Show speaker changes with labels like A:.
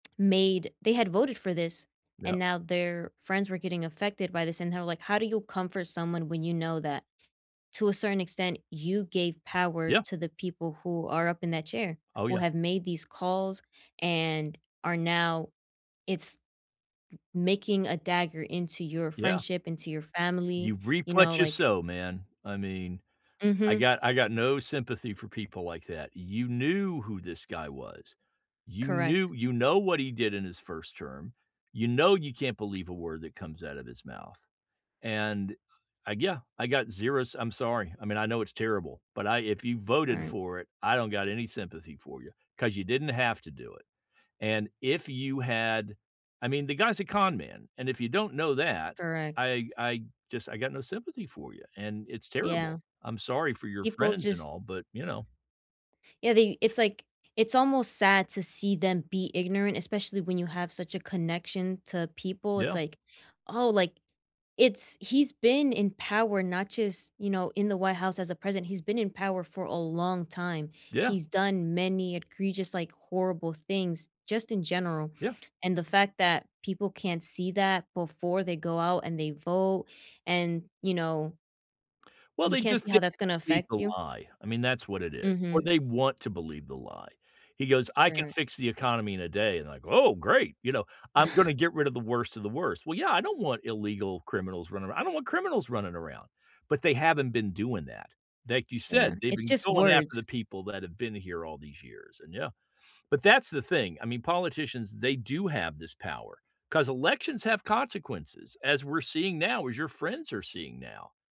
A: Made they had voted for this and
B: Yup.
A: now their friends were getting affected by this and how, like, how do you comfort someone when you know that to a certain extent you gave power
B: Yeah.
A: to the people who are up in that chair?
B: Oh,
A: Who
B: yeah.
A: have made these calls and are now it's making a dagger into your
B: Yeah.
A: friendship, into your family,
B: You reap
A: you know,
B: what you
A: like
B: sow, man, I mean, I
A: Mhm.
B: got I got no sympathy for people like that. You knew who this guy was. You
A: Correct.
B: knew you know what he did in his 1st term. You know you can't believe a word that comes out of his mouth. And, I yeah, I got 0 s I'm sorry, I mean, I know it's terrible, but I if you voted
A: Right.
B: for it, I don't got any sympathy for you. 'Cause you didn't have to do it. And if you had I mean, the guy's a con man. And if you don't know that,
A: Correct.
B: I I just I got no sympathy for you, and it's
A: Yeah.
B: terrible. I'm sorry for your
A: People
B: friends and
A: just
B: all, but, you know.
A: Yeah, they it's like it's almost sad to see them be ignorant, especially when you have such a connection to people. It's,
B: Yeah.
A: like, oh, like it's he's been in power not just, you know, in the White House as a president. He's been in power for a long time.
B: Yeah.
A: He's done many egregious, like, horrible things, just in general.
B: Yeah.
A: And the fact that people can't see that before they go out and they vote and, you know
B: Well,
A: you
B: they
A: can't
B: just
A: see
B: they
A: how that's gonna
B: believe
A: affect
B: the
A: you?
B: lie. I mean, that's what it is. Or
A: Mhm.
B: they want to believe the lie. He goes, "I can
A: Mm.
B: fix the economy in a day" and, like, "Oh, great." You know? "I'm gonna get rid of the worst of the worst." Well, yeah, I don't want illegal criminals running aro I don't want criminals running around, but they haven't been doing that. Like you
A: Yeah.
B: said, they've
A: It's
B: been
A: just
B: going after
A: words.
B: the people that have been here all these years. And yeah. But that's the thing. I mean, politicians, they do have this power. 'Cause elections have consequences, as we're seeing now, as your friends are seeing now.